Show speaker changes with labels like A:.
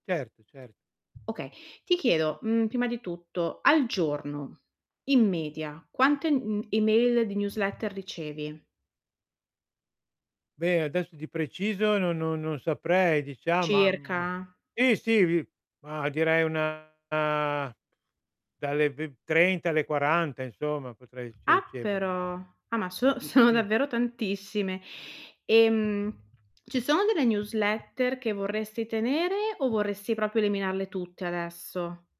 A: Certo, cer
B: Okay Ti chiedo, mhmm, prima di tutto: al giorno, in media, quante, mhmm, email di newsletter ricevi?
A: Beh, adesso di preciso no non non saprei, diciam am
B: Circa?
A: Sì, sì, vi ma direi una dalle ve trenta alle 40 insomma potrei cioè,
B: Ah,
A: riceverne.
B: però! Ah, ma so sono
A: Sì.
B: davvero tantissime. Ehm, ci sono delle newsletter che vorresti tenere o vorresti proprio eliminarle tutte adesso?